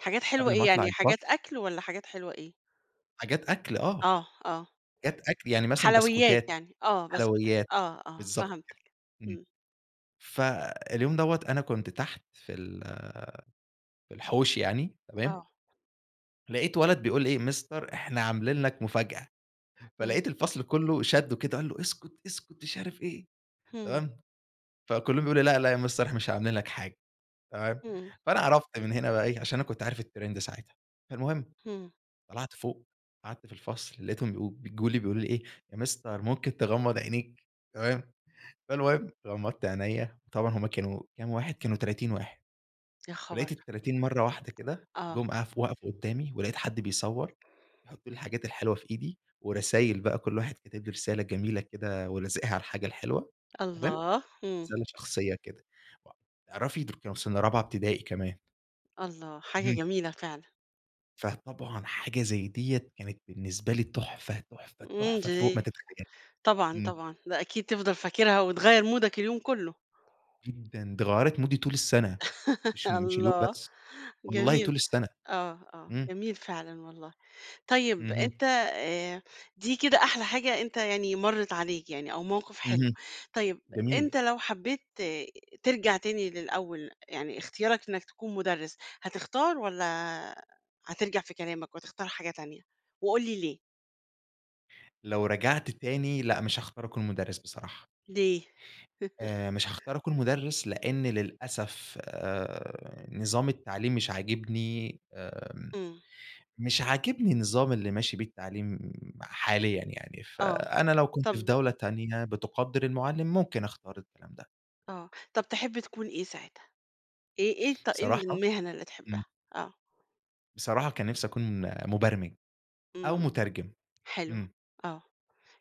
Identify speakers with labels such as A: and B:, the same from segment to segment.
A: حاجات حلوة
B: قبل ما
A: إيه،
B: أطلع
A: يعني حاجات
B: الفصل
A: أكل، والّا حاجات حلوة إيه؟
B: حاجات أكل آه،
A: آه، آه.
B: حاجات أكل يعني مثلًا
A: حلويات
B: بسكوتات،
A: يعني، آه بسكوت
B: حلويات،
A: آه، آه
B: بالضبط كده.
A: فهمتَك
B: إمم
A: إمم.
B: فاليوم دوّة أنا كنت تحت في ال في الحوش يعني تمام.
A: آه.
B: لقيت ولد بيقول إيه، Mister إحنا عاملين لَك مفاجأة،
A: إمم.
B: فلقيت الفصل كله شدّه كده، قال له اسكت اسكت، مش عارف إيه،
A: إمم.
B: تمام، فكلهم يقولوا لأ، لأ يا Mister إحنا مش عاملين لَك حاجة، تمام،
A: إمم.
B: فأنا عرفت من هنا بقى إيه، علشان أنا كنت عارف الtrend ساعتها، فالمُهم
A: إمم.
B: طلعت فوق، قعدت في الفصل، لقيتهم بي بيجولي، بيقولوا لي إيه يا Mister ممكن تغمَّض عينيك؟ تمام، فالمُهم غمضت عينيا، طبعًا هُم كانوا كام واحد، كانوا 30 واحد،
A: يا
B: ولقيت
A: خَبر!
B: ال30 مرّة واحدة كده
A: آه.
B: جُم اف وقفوا قدامي، ولقيت حد بيصوّر، بيحط لي الحاجات الحلوة في إيدي، ورسايل بقى، كل واحد كتب لي رسالة جميلة كده، ولازقها على الحاجة الحلوة، تمام،
A: الله! إمم.
B: رسالة شخصية كده، تعرفي، دول كانوا سنة رابعة ابتدائي كمان.
A: الله حاجة
B: اهم.
A: جميلة فعلًا!
B: فطبعًا، حاجة زي دي كانت بالنسبة لي تُحفة، تُحفة،
A: إمم
B: تُحفة، فوق ما
A: دي
B: تتخيلي،
A: طبعًا،
B: إمم.
A: طبعًا لأ أكيد تفضل فاكرها وتغيّر مودَك اليوم كله.
B: جدًا، دي غيّرت مودي طول السنة، مش مش اليوم
A: الله،
B: بس، والله، طول
A: جميل،
B: السنة،
A: آه آه،
B: إمم.
A: جميل فعلًا والله. طيب،
B: اهم.
A: أنت آآ دي كده أحلى حاجة أنت يعني مرِّت عليك يعني، أو موقف حلو.
B: اهم
A: طيب،
B: جميل.
A: أنت لو حبّيت ت ترجع تاني للأول يعني، اختيارَك إنَّك تكون مُدرِّس، هتختار، والّا هترجع في كلامَك وتختار حاجة تانية؟ وقُل لي ليه؟
B: لو رجعت تاني، لأ، مش هاختار أكون مُدرّس بصراحة.
A: ليه؟
B: آآ، مش هاختار أكون مُدرّس، لأن للأسف، آآ نظام التعليم مش عاجبني، آمم،
A: إمم.
B: مش عاجبني النظام اللي ماشي بيه التعليم حاليًا يعني،
A: آه
B: فأنا لو كنت في
A: طَب
B: دولة تانية بتُقدِّر المُعلِّم، ممكن أختار الكلام ده.
A: آه طَب تحب تكون إيه ساعتها، إيه إيه ط إيه
B: صراحة
A: المِهنة اللي تحبها؟
B: إمم.
A: آه.
B: بصراحة، كان نفْسِي أكون مُبرمِج أو
A: إمم
B: مُترجِم،
A: حلو
B: إمم.
A: آه،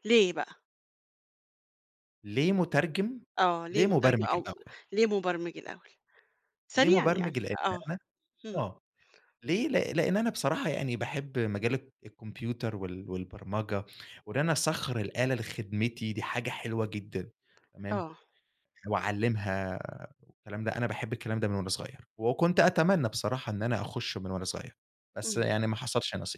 A: ليه بقى؟
B: ليه مُترجِم،
A: آه ليه
B: ليه
A: مُترجِم
B: مبرمِج
A: أو
B: الأول.
A: ليه مُبرمِج الأول
B: ليه
A: سريعًا يعني؟
B: مُبرمِج؟ لأن
A: آه
B: أنا
A: إمم.
B: آه، ليه ل لإن أنا بصراحة يعني، باحب مجال الك الكمبيوتر وال والبرمَجة، وإن أنا أسخَّر الآلة لخدمتي، دي حاجة حلوة جدًا، تمام،
A: آه.
B: وأعلّمها والكلام ده، أنا باحب الكلام ده من وأنا صغيّر، وكنت أتمنى بصراحة إن أنا أخُشه من وأنا صغيّر، بس
A: إمم.
B: يعني ما حصلش نصيب.